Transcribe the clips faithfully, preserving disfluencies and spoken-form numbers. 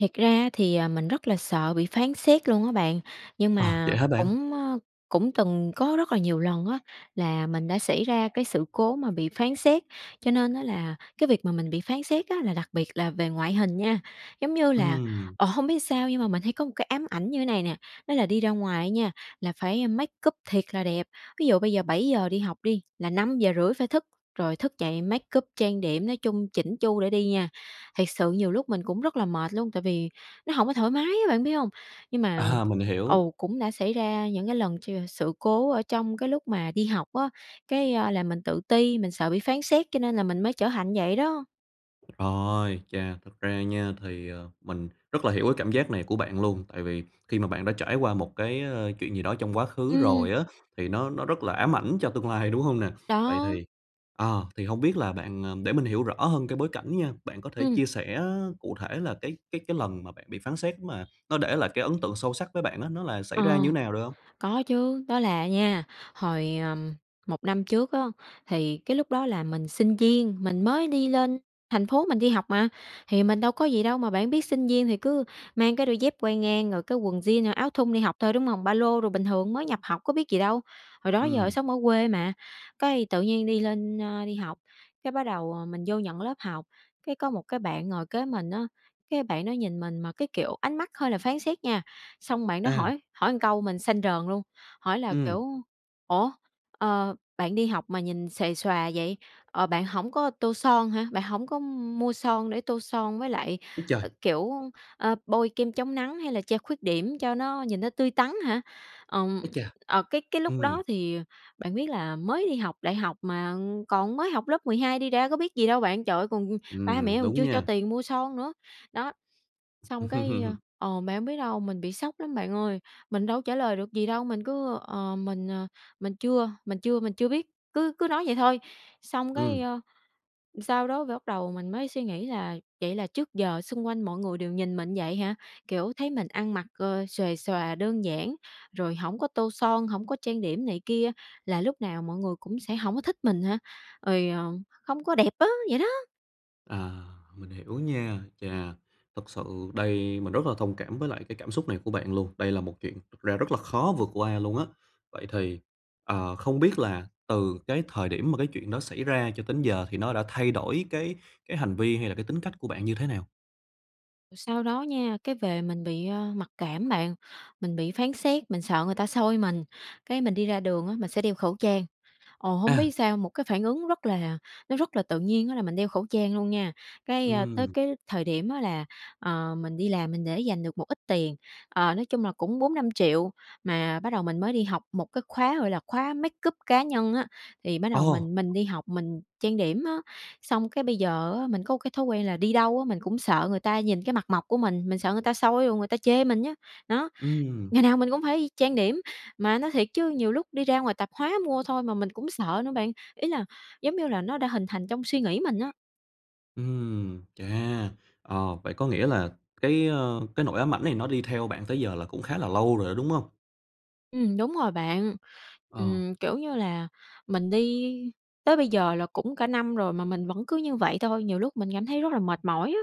Thiệt ra á thì, à, mình rất là sợ bị phán xét luôn á bạn, nhưng À, mà vậy hả bạn? cũng, ơ, cũng từng có rất là nhiều lần á là mình đã xảy ra cái sự cố mà bị phán xét, cho nên á là cái việc mà mình bị phán xét á là đặc biệt là về ngoại hình nha. Giống như là, Ừm. ờ, hông biết ừn sao nhưng mà mình thấy có một cái ám ảnh như này nè, đó là đi ra ngoài á nha, là phải make up thiệt là đẹp. Ví dụ bây giờ bảy giờ đi học đi, là năm giờ rưỡi phải thức, rồi thức dậy make up, trang điểm, nói chung chỉn chu để đi nha. Thiệt sự nhiều lúc mình cũng rất là mệt luôn tại vì nó hổng có thoải mái á, bạn biết hông? Nhưng mà À, mình hiểu. ừ, cũng đã xảy ra những cái lần ch sự cố ở trong cái lúc mà đi học á, cái, à, là mình tự ti, mình sợ bị phán xét cho nên là mình mới trở thành như vậy đó. Rồi, chà, thật ra nha thì, ờ, mình rất là hiểu cái cảm giác này của bạn luôn, tại vì khi mà bạn đã trải qua một cái, ờ, chuyện gì đó trong quá khứ Ừm. rồi á, thì nó nó rất là ám ảnh cho tương lai, đúng hông nè? Vậy Đó. thì à, thì hông biết là bạn để mình hiểu rõ hơn cái bối cảnh nha, bạn có thể Ừm. chia sẻ cụ thể là cái cái cái lần mà bạn bị phán xét mà nó để lại cái ấn tượng sâu sắc với bạn á, nó là xảy ra Ờ, như nào, được hông? có chứ. Đó là à nha, hồi, ờ, một năm trước á, thì cái lúc đó là mình sinh viên, mình mới đi lên thành phố mình đi học mà, thì mình đâu có gì đâu, mà bạn biết sinh viên thì cứ mang cái đôi dép quai ngang rồi cái quần jean, à, áo thun đi học thôi, đúng hông? Ba lô đồ, bình thường mới nhập học có biết gì đâu, hồi đó giờ Ừm. sống ở quê mà. Cái, tự nhiên đi lên, ơ, đi học, cái, bắt đầu, ờ, mình vô nhận lớp học, cái, có một cái bạn ngồi kế mình á, cái bạn đó nhìn mình mà cái, kiểu, ánh mắt hơi là phán xét nha, xong bạn đó À. hỏi hỏi một câu mình xanh rờn luôn, hỏi là, Ừm. kiểu: "Ủa, ờ, bạn đi học mà nhìn xuề xòa vậy, ờ, bạn hổng có tô son hả, bạn hổng có m mua son để tô son với lại, Ấy ác trời! kiểu, ờ, bôi kem chống nắng hay là che khuyết điểm cho nó nhìn nó tươi tắn hả?" Ừm, Ấy chà! ờ, cái cái lúc Ừm. đó thì bạn biết là mới đi học đại học mà còn mới học lớp mười hai đi ra có biết gì đâu bạn, trời ơi, còn ba mẹ Ừm, còn đúng chưa cho nha. tiền mua son nữa, đó. Xong, cái ờ, bạn hông biết đâu, mình bị sốc lắm bạn ơi, mình đâu có trả lời được gì đâu, mình cứ: "Ờ, mình, ờ, mình chưa mình chưa -mình chưa biết," cứ cứ nói vậy thôi, xong, cái, Ừm. ờ, sau đó phải bắt đầu mình mới suy nghĩ là "Vậy là trước giờ xung quanh mọi người đều nhìn mình như vậy hả? Kiểu, thấy mình ăn mặc, ờ, xuề xòa đơn giản, rồi hổng có tô son, hổng có trang điểm này kia, là lúc nào mọi người cũng sẽ hổng có thích mình hả? Rồi, ờ, hông có đẹp á," vậy đó. À, mình hiểu nha. Chà, thực sự đây mình rất là thông cảm với lại cái cảm xúc này của bạn luôn, đây là một chuyện thật ra rất là khó vượt qua luôn á. Vậy thì, ờ, không biết là từ cái thời điểm mà cái chuyện đó xảy ra cho tới giờ thì nó đã thay đổi cái cái hành vi hay là cái tính cách của bạn như thế nào? Rồi sau đó nha, cái, về mình bị, ờ, mặc cảm bạn, mình bị phán xét, mình sợ người ta soi mình, cái, mình đi ra đường á, mình sẽ đeo khẩu trang. Ồ, hổng À! biết sao, một cái phản ứng rất là nó rất là tự nhiên á là mình đeo khẩu trang luôn nha. Cái, ờ, tới Ừm. cái thời điểm á là, ờ, mình đi làm mình để dành được một ít tiền, ờ, nói chung là cũng bốn năm triệu mà bắt đầu mình mới đi học một cái khóa, gọi là, khóa make up cá nhân á, thì bắt đầu Ồ! mình mình đi học, mình trang điểm á. Xong, cái, bây giờ á mình có một cái thói quen là đi đâu á, mình cũng sợ người ta nhìn cái mặt mộc của mình, mình sợ người ta soi rồi người ta chê mình á, đó. Ừm. Ngày nào mình cũng phải trang điểm, mà nói thiệt chứ nhiều lúc đi ra ngoài tạp hóa mua thôi mà mình cũng sợ nữa bạn, ý là, giống như là, nó đã hình thành trong suy nghĩ mình á. Ừm, chà! Ờ, vậy có nghĩa là cái, ờ, cái nỗi ám ảnh này nó đi theo bạn tới giờ là cũng khá là lâu rồi đó, đúng hông? Ừm, đúng rồi bạn. Ờ. Ừm, kiểu như là, mình đi tới bây giờ là cũng cả năm rồi mà mình vẫn cứ như vậy thôi, nhiều lúc mình cảm thấy rất là mệt mỏi á.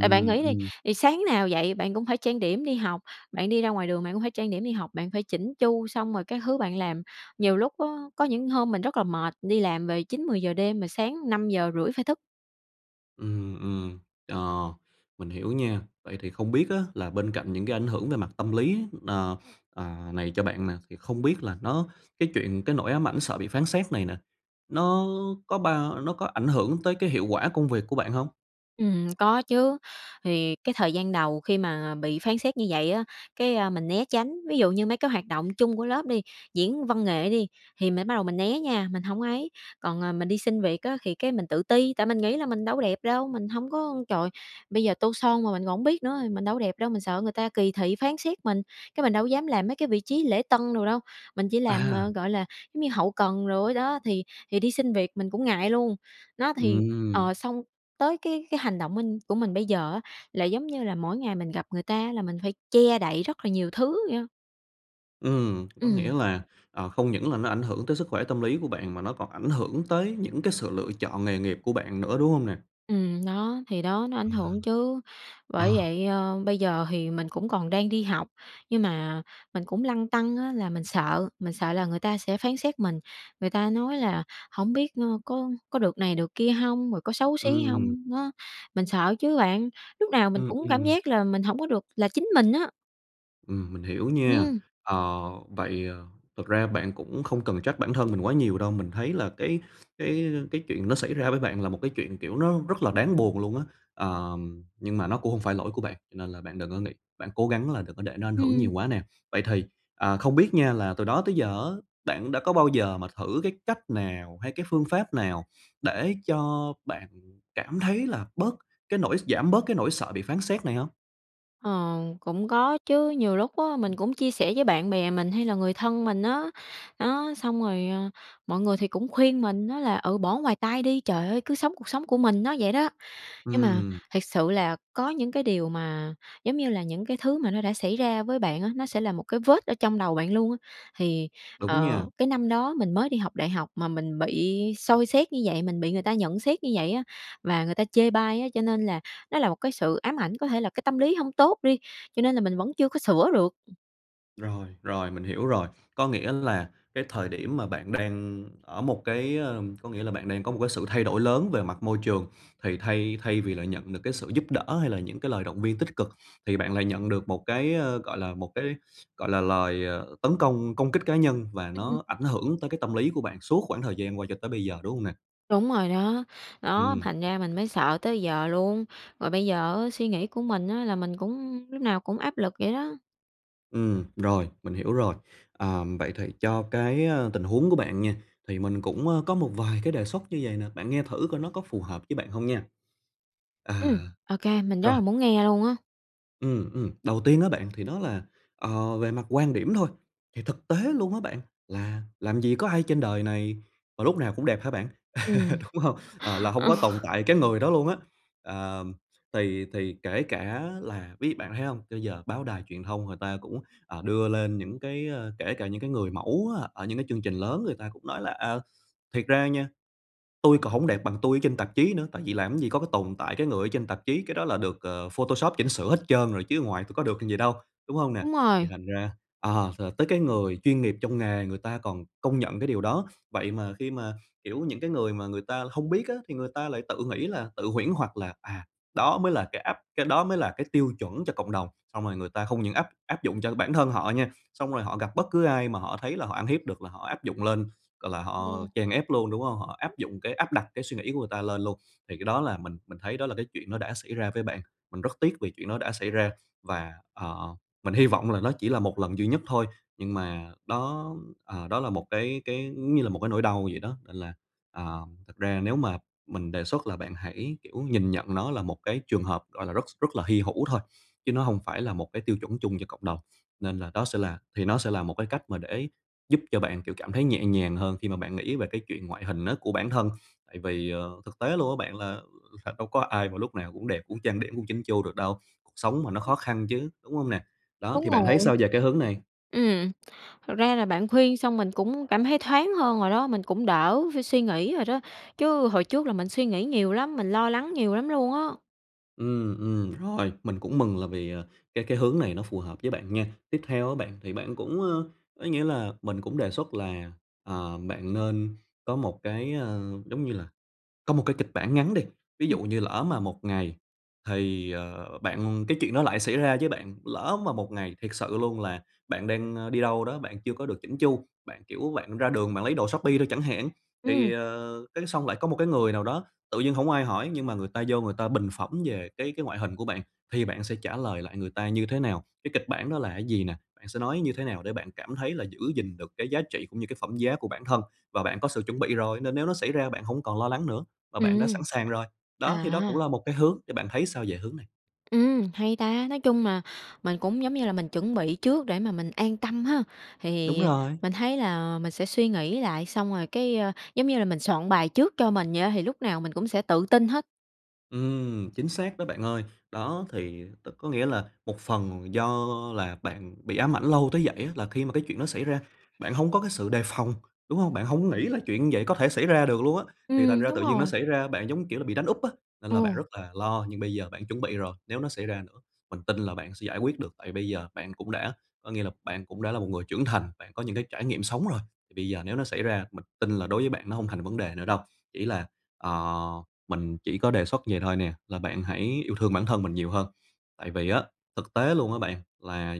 Tại bạn nghĩ đi, ừm. thì sáng nào dậy bạn cũng phải trang điểm đi học, bạn đi ra ngoài đường bạn cũng phải trang điểm đi học, bạn phải chỉn chu xong rồi các thứ bạn làm, nhiều lúc á có những hôm mình rất là mệt đi làm về chín mười giờ đêm mà sáng năm giờ rưỡi phải thức. Ừm, ừm, ờ, mình hiểu nha. Vậy thì không biết á là bên cạnh những cái ảnh hưởng về mặt tâm lý, ờ, à, này cho bạn nè, thì không biết là nó cái chuyện cái nỗi ám ảnh sợ bị phán xét này nè, nó có bao nó có ảnh hưởng tới cái hiệu quả công việc của bạn hông? Ừm, có chứ. Thì cái thời gian đầu khi mà bị phán xét như vậy á, cái à, mình né tránh, ví dụ như mấy cái hoạt động chung của lớp đi, diễn văn nghệ đi, thì mình bắt đầu mình né nha, mình hổng ấy. Còn, à, mình đi xin việc á thì, cái, mình tự ti, tại mình nghĩ là mình đâu có đẹp đâu, mình hông có trời, bây giờ tô son mà mình còn hổng biết nữa, mình đâu đẹp đâu, mình sợ người ta kỳ thị phán xét mình, cái mình đâu có dám làm mấy cái vị trí lễ tân đồ đâu, mình chỉ làm, À! ờ, gọi là, giống như hậu cần đồ đó, thì thì đi xin việc mình cũng ngại luôn. Đó thì, Ừm. ờ, xong tới cái cái hành động minh của mình bây giờ á là, giống như là, mỗi ngày mình gặp người ta á là mình phải che đậy rất là nhiều thứ vậy á. Ừm, có nghĩa Ừm. là, ờ, không những là nó ảnh hưởng tới sức khỏe tâm lý của bạn mà nó còn ảnh hưởng tới những cái sự lựa chọn nghề nghiệp của bạn nữa, đúng hông nè? Ừm, đó, thì đó nó ảnh À. hưởng chứ. Bởi Ờ. vậy, ờ, bây giờ thì mình cũng còn đang đi học, nhưng mà mình cũng lăn tăn á là mình sợ mình sợ là người ta sẽ phán xét mình, người ta nói là "Hổng biết, ơ, có có được này được kia hông, rồi có xấu xí Ừm. hông?" đó, mình sợ chứ bạn, lúc nào mình Ừm, cũng cảm ừm. giác là mình hổng có được là chính mình á. Ừm, mình hiểu nha. Ừm. Ờ, vậy, ờ, thực ra bạn cũng không cần trách bản thân mình quá nhiều đâu, mình thấy là cái cái cái chuyện nó xảy ra với bạn là một cái chuyện, kiểu, nó rất là đáng buồn luôn á. Ờm, nhưng mà nó cũng hông phải lỗi của bạn, cho nên là bạn đừng có nghĩ bạn cố gắng là đừng có để nó ảnh hưởng nhiều Ừm. quá nè. Vậy thì, ờ, không biết nha là từ đó tới giờ á bạn đã có bao giờ mà thử cái cách nào hay cái phương pháp nào để cho bạn cảm thấy là bớt cái nỗi s giảm bớt cái nỗi sợ bị phán xét này hông? Ờ, cũng có chứ, nhiều lúc á mình cũng chia sẻ với bạn bè mình hay là người thân mình á, đó, xong rồi, ờ, mọi người thì cũng khuyên mình á là "Ừ, bỏ ngoài tai đi, trời ơi, cứ sống cuộc sống của mình" nó vậy đó. Nhưng mà Ừm. thiệt sự là có những cái điều mà, giống như là, những cái thứ mà nó đã xảy ra với bạn á, nó sẽ là một cái vết ở trong đầu bạn luôn á thì, Đúng nha. ờ, cái năm đó mình mới đi học đại học mà mình bị soi xét như vậy, mình bị người ta nhận xét như vậy á và người ta chê bai á cho nên là nó là một cái sự ám ảnh, có thể là cái tâm lý hông tốt đi, cho nên là mình vẫn chưa có sửa được. Ừm. Rồi, rồi, mình hiểu rồi. Có nghĩa là cái thời điểm mà bạn đang ở một cái, ờ có nghĩa là bạn đang có một cái sự thay đổi lớn về mặt môi trường thì thay thay vì là nhận được cái sự giúp đỡ, hay là những cái lời động viên tích cực thì bạn lại nhận được một cái, ờ, gọi là, một cái, gọi là, lời, ờ, tấn công, công kích cá nhân và Ừm. nó ảnh hưởng tới cái tâm lý của bạn suốt quãng thời gian qua cho tới bây giờ, đúng hông nè? Đúng rồi đó. Đó, Ừm. thành ra mình mới sợ tới giờ luôn, rồi bây giờ á suy nghĩ của mình á là mình cũng, ừm, lúc nào cũng áp lực vậy đó. Ừm, rồi, mình hiểu rồi. Ừm, vậy thì cho cái, ờ, tình huống của bạn nha, thì mình cũng, ơ, có một vài cái đề xuất như vầy nè, bạn nghe thử coi nó có phù hợp với bạn hông nha. À. Ừm. OK, mình rất Rồi. là muốn nghe luôn á. Ừm, ừm, đầu tiên á bạn thì đó là, ờ, về mặt quan điểm thôi, thì thực tế luôn á bạn là làm gì có ai trên đời này mà lúc nào cũng đẹp hả bạn, Ừm. đúng hông? Ờ, là hông có tồn tại cái người đó luôn á, ờ, thì thì kể cả là ví bạn có thấy hông, cho giờ báo đài truyền thông người ta cũng, ờ, đưa lên những cái, ờ, kể cả những cái người mẫu á ở những cái chương trình lớn người ta cũng nói là "À, thiệt ra nha, tui còn hổng đẹp bằng tui ở trên tạp chí nữa, tại vì làm cái gì có cái tồn tại cái người ở trên tạp chí, cái đó là được, ờ, photoshop chỉnh sửa hết trơn rồi, chứ ở ngoài tui có được như vậy đâu", đúng hông nè? Đúng Thì rồi. thành ra ờ, t tới cái người chuyên nghiệp trong nghề, người ta còn công nhận cái điều đó. Vậy mà khi mà, kiểu, những cái người mà người ta hông biết á thì người ta lại tự nghĩ là, tự huyễn hoặc là "À, đó mới là cái áp cái đó mới là cái tiêu chuẩn cho cộng đồng." Xong rồi người ta không những áp áp dụng cho bản thân họ nha, xong rồi họ gặp bất cứ ai mà họ thấy là họ ăn hiếp được là họ áp dụng lên, gọi là, họ Ừm. chèn ép luôn, đúng hông? Họ áp dụng cái áp đặt cái suy nghĩ của người ta lên luôn, thì cái đó là mình mình thấy đó là cái chuyện nó đã xảy ra với bạn. Mình rất tiếc vì chuyện đó đã xảy ra và, ờ, mình hy vọng là nó chỉ là một lần duy nhất thôi, nhưng mà đó, ờ, đó là một cái cái, giống như là, một cái nỗi đau vậy đó, nên là, à, thực ra nếu mà mình đề xuất là bạn hãy, kiểu, nhìn nhận nó là một cái trường hợp, gọi là, rất rất là hy hữu thôi, chứ nó hông phải là một cái tiêu chuẩn chung cho cộng đồng. Nên là, đó sẽ là thì nó sẽ là một cái cách mà để giúp cho bạn, kiểu, cảm thấy nhẹ nhàng hơn khi mà bạn nghĩ về cái chuyện ngoại hình nó của bản thân. Tại vì, ờ, thực tế luôn á bạn là, ừm, thật đâu có ai mà lúc nào cũng đẹp, cũng trang điểm, cũng chỉn chu được đâu, cuộc sống mà nó khó [unintelligible] khăn chứ, đúng hông nè? Đó, Đúng thì bạn thấy rồi. sao về cái hướng này? Ừm. Thực ra là bạn khuyên xong mình cũng cảm thấy thoáng hơn rồi đó, mình cũng đỡ phải suy nghĩ rồi đó, chứ hồi trước là mình suy nghĩ nhiều lắm, mình lo lắng nhiều lắm luôn á. Ừm, ừm, rồi, mình cũng mừng là vì, ờ, cái cái hướng này nó phù hợp với bạn nha! Tiếp theo á bạn thì bạn cũng, ơ, ấy nghĩa là mình cũng đề xuất là, ờ, bạn nên có một cái, ơ, giống như là, có một cái kịch bản ngắn đi, ví dụ như lỡ mà một ngày thì, ờ, bạn cái chuyện đó lại xảy ra với bạn, lỡ mà một ngày thiệt sự luôn là bạn đang, a, đi đâu đó, bạn chưa có được chỉn chu, bạn, kiểu, bạn ra đường bạn lấy đồ Shopee thôi chẳng hạn thì, Ừm. ờ, cái, xong lại có một cái người nào đó tự nhiên hổng ai hỏi nhưng mà người ta vô người ta bình phẩm về cái cái ngoại hình của bạn thì bạn sẽ trả lời lại người ta như thế nào? Cái kịch bản đó là cái gì nè? Bạn sẽ nói như thế nào để bạn cảm thấy là giữ gìn được cái giá trị cũng như cái phẩm giá của bản thân? Và bạn có sự chuẩn bị rồi, nên nếu nó xảy ra bạn hổng còn lo lắng nữa, và bạn đã Ừm. sẵn sàng rồi. Đó, thì đó cũng À! là một cái hướng, thì bạn thấy sao về hướng này? Ừm, hay ta! Nói chung là mình cũng, giống như là, mình chuẩn bị trước để mà mình an tâm ha, Đúng thì rồi. mình thấy là mình sẽ suy nghĩ lại xong rồi, cái, ờ, giống như là, mình soạn bài trước cho mình vậy á, thì lúc nào mình cũng sẽ tự tin hết. Ừm, chính xác đó bạn ơi. Đó thì đ có nghĩa là một phần do là bạn bị ám ảnh lâu tới vậy á là khi mà cái chuyện đó xảy ra, bạn hông có cái sự đề phòng, đúng hông? Bạn hổng nghĩ là chuyện như vậy có thể xảy ra được luôn á, thì thành Ừm, ra tự đúng dưng nó rồi. xảy ra, bạn, giống như kiểu là, bị đánh úp á nên là bạn Ồ. rất là lo. Nhưng bây giờ bạn chuẩn bị rồi, nếu nó xảy ra nữa, mình tin là bạn sẽ giải quyết được, tại bây giờ bạn cũng đã có nghĩa là bạn cũng đã là một người trưởng thành, bạn có những cái trải nghiệm sống rồi, thì bây giờ nếu nó xảy ra, mình tin là đối với bạn nó hông thành vấn đề nữa đâu. Chỉ là, ờ, mình chỉ có đề xuất vậy thôi nè, là bạn hãy yêu thương bản thân mình nhiều hơn, tại vì á thực tế luôn á bạn là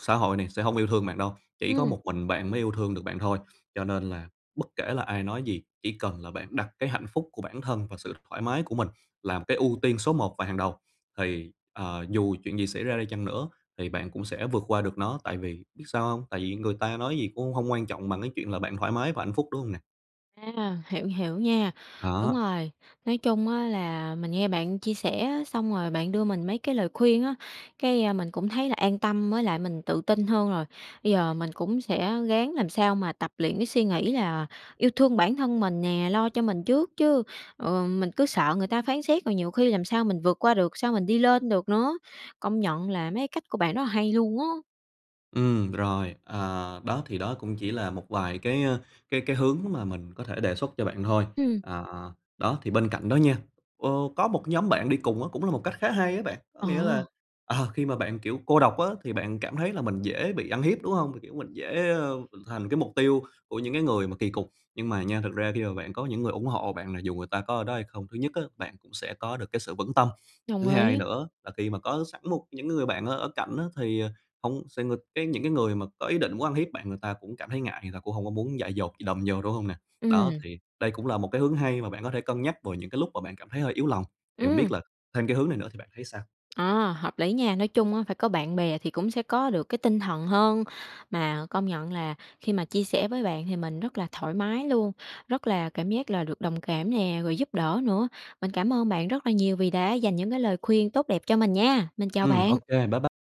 xã hội này sẽ hông yêu thương bạn đâu, chỉ có Ừm. một mình bạn mới yêu thương được bạn thôi, cho nên là bất kể là ai nói gì, chỉ cần là bạn đặt cái hạnh phúc của bản thân và sự thoải mái của mình làm cái ưu tiên số một và hàng đầu thì, à, dù chuyện gì xảy ra đi chăng nữa thì bạn cũng sẽ vượt qua được nó, tại vì biết sao hông? Tại vì người ta nói gì cũng hông quan trọng bằng cái chuyện là bạn thoải mái và hạnh phúc, đúng hông nè? À, hiểu, hiểu nha, đúng Đó. rồi. Nói chung á là mình nghe bạn chia sẻ á, xong rồi bạn đưa mình mấy cái lời khuyên á, cái, à, mình cũng thấy là an tâm mới lại mình tự tin hơn rồi. Bây giờ mình cũng sẽ ráng làm sao mà tập luyện cái suy nghĩ là yêu thương bản thân mình nè, lo cho mình trước chứ, ờ, mình cứ sợ người ta phán xét rồi nhiều khi làm sao mình vượt qua được, sao mình đi lên được nữa. Công nhận là mấy cái cách của bạn rất là hay luôn á. Ừm, r rồi, à, đó, thì đó cũng chỉ là một vài cái, ơ, cái cái hướng mà mình có thể đề xuất cho bạn thôi. Ừm. À, à, đó thì bên cạnh đó nha, ơ, có một nhóm bạn đi cùng á cũng là một cách khá hay á bạn, có Ờ. nghĩa là, ờ, khi mà bạn, kiểu, cô độc á thì bạn cảm thấy là mình dễ bị ăn hiếp, đúng hông? Thì, kiểu, mình dễ, ờ, mình thành cái mục tiêu của những cái người mà kì cục. Nhưng mà nha, thực ra khi mà bạn có những người ủng hộ bạn là dù người ta có ở đó hay không, thứ nhất á bạn cũng sẽ có được cái sự vững tâm, thứ Đồng hai ý. nữa là khi mà có sẵn một những người bạn ở ở cạnh á thì, ờ, hông sẽ nghịch cái những cái người mà có ý định muốn ăn hiếp bạn người ta cũng cảm thấy ngại, người ta cũng hông có muốn dại dột gì đâm vô, đúng hông nè? Đó Ừm. thì đây cũng là một cái hướng hay mà bạn có thể cân nhắc vào những cái lúc mà bạn cảm thấy hơi yếu lòng, thì hông biết Ừm. là thêm cái hướng này nữa thì bạn thấy sao? Ờ, hợp lý nha. Nói chung á phải có bạn bè thì cũng sẽ có được cái tinh thần hơn. Mà công nhận là khi mà chia sẻ với bạn thì mình rất là thoải mái luôn, rất là cảm giác là được đồng cảm nè, rồi giúp đỡ nữa. Mình cảm ơn bạn rất là nhiều vì đã dành những cái lời khuyên tốt đẹp cho mình nha. Mình chào Ừm, ô bạn. kê, bye bye.